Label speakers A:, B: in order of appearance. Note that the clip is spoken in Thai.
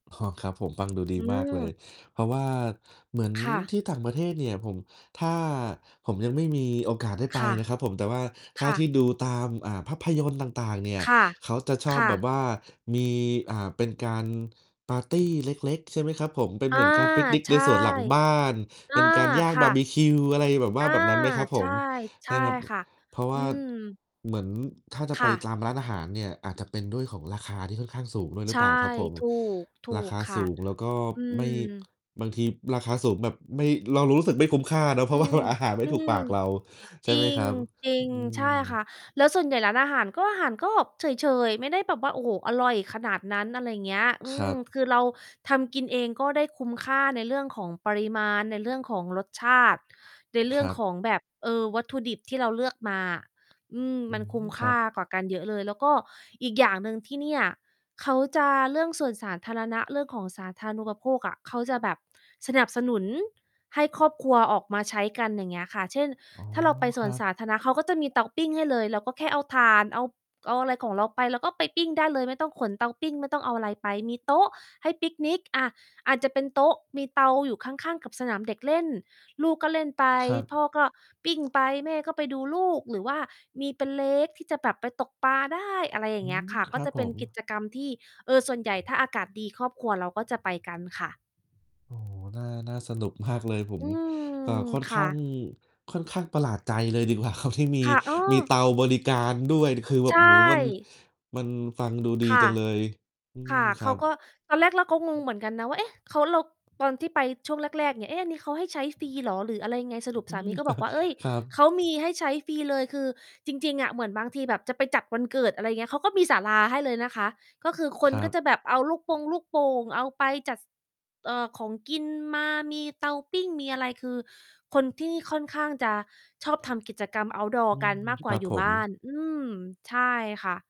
A: อ๋อ ครับผม ฟังดูดี
B: อื
A: มากเลย
B: ม
A: เพราะว่าเหมือน
B: ค่
A: ท
B: ะ
A: ี่ต่างประเทศเนี่ย ผม ถ้า ผมยังไม่มีโอกาสได้ไป
B: ค่ะ
A: นะครับผม แต่ว่าถ
B: ค
A: ้า
B: ่
A: ที่
B: ะ
A: ดูตาม อ่า ภาพยนตร์ต่าง ๆ เนี่ย
B: ค่ะ
A: เขาจะชอ
B: ค
A: บ
B: ่
A: แบบ
B: ะ
A: ว่ามี อ่า เป็นการปาร์ตีเล็ก ๆ ใช่ไหมครับผม เป็น
B: อ
A: เห
B: า
A: มือนการปิกนิก
B: ใช
A: ใน
B: ่
A: สวนหลังบ้าน
B: อ
A: เป
B: า
A: ็นการย่าง
B: ค
A: บ
B: ่
A: า
B: ะ
A: ร์บิคิว อะไรแบบว่
B: อ
A: า
B: า
A: แบบนั้นไหมครับผ
B: ใช่
A: ม?
B: ใช
A: น
B: ่
A: ะครับ
B: ค่ะ
A: เพราะว
B: อื
A: ่า
B: ม
A: เหมือนถ้าจะ
B: ค
A: ไป
B: ่ะ
A: ตามร้านอาหารเนี่ย อาจจะเป็นด้วยของราคาที่ค่อนข้างสูงด้วย
B: ใ
A: ห
B: ช
A: รือเ
B: ่
A: ปล่าครับผม
B: ถูก ถู
A: ราค
B: ก
A: า
B: ค่
A: ส
B: ะ
A: ูงแล้วก็
B: อื
A: ไม่
B: ม
A: บางทีราคาสูงแบบไม่ เรารู้สึกไม่คุ้มค่าเนาะ เพร
B: อ
A: าะ
B: ื
A: ว่า
B: ม
A: อาหารไม่
B: อื
A: ถูกป
B: อ
A: ากเรา ใช่
B: จร
A: ไหม
B: ิ
A: ค
B: ง
A: รับ
B: จริ
A: อื
B: ง ใช
A: ม
B: ่ค่ะ แล้วส่วนใหญ่ร้านอาหาร ก็ อาหารก็เฉย ๆ ไม่ได้แบบว่า โอ้โฮ อร่อยขนาดนั้น อะไรเงี้ย อื
A: คร
B: ม
A: ับ
B: คือเราทำกินเอง ก็ได้คุ้มค่าในเรื่องของปริมาณ ในเรื่องของรสชาติ ในเรื
A: ค
B: ่อ
A: ร
B: ง
A: ั
B: ข
A: บ
B: องแบบ เออ วัตถุดิบที่เราเลือกมาอะ อืม
A: อื
B: มันคุ้
A: ม
B: มค
A: ครั
B: ่
A: บ
B: ากว่ากันเยอะเลย แล้วก็อีกอย่างหนึ่ง ที่เนี่ย เขาจะ เรื่องสวนสาธารณะ เรื่องของสาธารณูปโภคอะ เขาจะแบบสนับสนุนให้ครอบครัวออกมาใช้กัน อย่างเงี้ยค่ะ เช่น
A: อ๋อ
B: ถ้าเราไปส
A: คร
B: วน
A: ับ
B: สาธารณะ เขาก็จะมีเตาปิ้งให้เลย เราก็แค่เอาถ่าน เอา เอาอะไรของเราไป เราก็ไปปิ้งได้เลย ไม่ต้องขนเตาปิ้ง ไม่ต้องเอาอะไรไป มีโต๊ะให้ปิกนิก อ่า อาจจะเป็นโต๊ะ มีเตาอยู่ข้าง ๆ กับสนามเด็กเล่น ลูกก็เล่นไป
A: ครับ
B: พ่อก็ปิ้งไป แม่ก็ไปดูลูก หรือว่ามีเป็น Lake ที่จะแบบไปตกปลาได้ อะไรอย
A: อ
B: ่า
A: ื
B: งเงี้ย
A: ม
B: ค่ะ
A: ค
B: ก
A: ร
B: ็
A: ับ
B: จะ
A: ผ
B: เป็นกิ
A: ม
B: จกรรมที่ เออ ส่วนใหญ่ ถ้าอากาศดีครอบครัวเราก็จะไปกันค่ะ
A: โอ้โฮ น่า น่าสนุก มาก เลย ผ
B: อ
A: ม
B: ืม
A: อ่า ค่อน
B: ค
A: ข
B: ่
A: ้า
B: ะ
A: ง ค่อนข้างประหลาดใจเลย ดีกว่าครับ ที่มี
B: ค่ะ เอ
A: มี
B: อ
A: เตาบริการด้วย คือแบ
B: ใช
A: บ โอ้โฮ มัน
B: ่
A: มันฟังดูดี
B: ค่
A: จั
B: ะ
A: งเลย อื
B: ค
A: ม
B: ่ะ
A: ค
B: เข
A: รั
B: าก็
A: บ
B: ตอนแรกเราก็งงเหมือนกันนะว่า เอ๊ะ เขา เรา ตอนที่ไปช่วงแรก ๆ เนี่ย "เอ๊ะ อันนี้เขาให้ใช้ฟรีเหรอ หรืออะไรยังไง" สรุป
A: อื
B: สา
A: ม
B: มีก็บอกว่า "เฮ้ย
A: ครับ
B: เขามีให้ใช้ฟรีเลย" คือจริง ๆ อะเหมือนบางทีแบบจะไปจัดวันเกิด อะไรอย่างเงี้ย เขาก็มีศาลาให้เลยนะคะ ก็คือค
A: ค
B: น
A: ร
B: ก
A: ั
B: ็
A: บ
B: จะแบบเอาลูกปงลูกโป่งเอาไปจัด ซ เอ่อ ของกินมา มีเตาปิ้งมีอะไร คือคนที่นี่ค่อนข้างจะชอบทำกิจกรรม เอาต์ดอร
A: อื
B: ์ กั
A: ม
B: นมากกว
A: ค
B: ่
A: ร
B: า
A: ับ
B: อยู
A: ผ
B: ่บ้าน
A: ม
B: อืม ใช่ค่ะ